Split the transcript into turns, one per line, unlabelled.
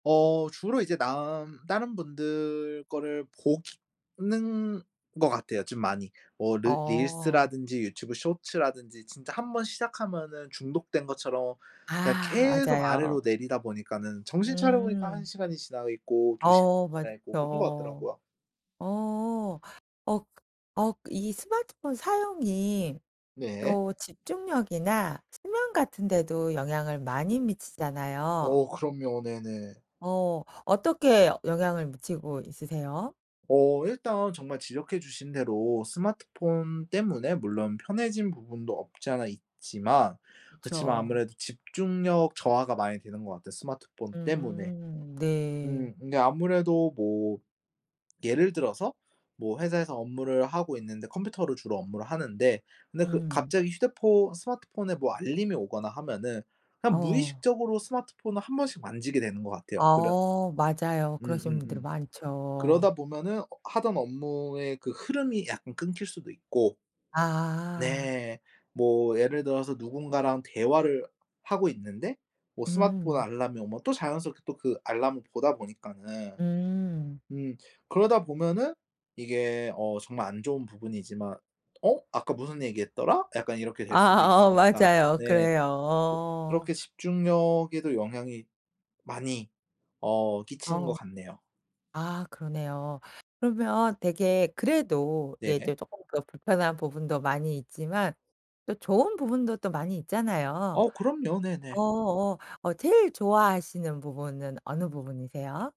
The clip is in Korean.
어 주로 이제 남 다른 분들 거를 보기 는 것 같아요, 좀 많이. 뭐 르
어.
릴스라든지 유튜브 쇼츠라든지 진짜 1 번 시작하면은 중독된 것처럼 그냥
아
계속
맞아요.
아래로 내리다 보니까는 정신 차려보니까 1
음.
시간이 지나 있고 2 시간
어
지나 있고 그런 것
맞죠.
같더라고요.
어 어. 어 어 이 스마트폰 사용이
네.
또 집중력이나 수면 같은 데도 영향을 많이 미치잖아요.
어 그럼요. 네네.
어. 어떻게 영향을 미치고 있으세요?
어 일단 정말 지적해 주신 대로 스마트폰 때문에 물론 편해진 부분도 없지 않아 있지만 그치만
그쵸.
아무래도 집중력 저하가 많이 되는 것 같아요, 스마트폰 때문에.
음 네.
음 근데 아무래도 뭐 예를 들어서 뭐 회사에서 업무를 하고 있는데 컴퓨터를 주로 업무를 하는데 근데 그
음.
갑자기 휴대폰 스마트폰에 뭐 알림이 오거나 하면은 그냥
어.
무의식적으로 스마트폰을 1 번씩 만지게 되는 것 같아요. 그런
어 맞아요. 그러시는 분들이
음음음.
많죠.
그러다 보면은 하던 업무의 그 흐름이 약간 끊길 수도 있고
아.
네. 뭐 예를 들어서 누군가랑 대화를 하고 있는데 뭐 스마트폰
음.
알람이 오면 또 자연스럽게 또 그 알람을 보다 보니까는
음.
음 그러다 보면은 이게 어 정말 안 좋은 부분이지만 '어 아까 무슨 얘기했더라?' 약간 이렇게 될 수도
아 어
있으니까.
맞아요.
네. 그
그래요. 어.
그렇게 집중력에도 영향이 많이 어 끼치는 것
어.
같네요.
아 그러네요. 그러면 되게 그래도
네.
예 이제 조금 더 불편한 부분도 많이 있지만 또 좋은 부분도 또 많이 있잖아요.
어 그럼요. 네네.
어어어 제일 좋아하시는 부분은 어느 부분이세요?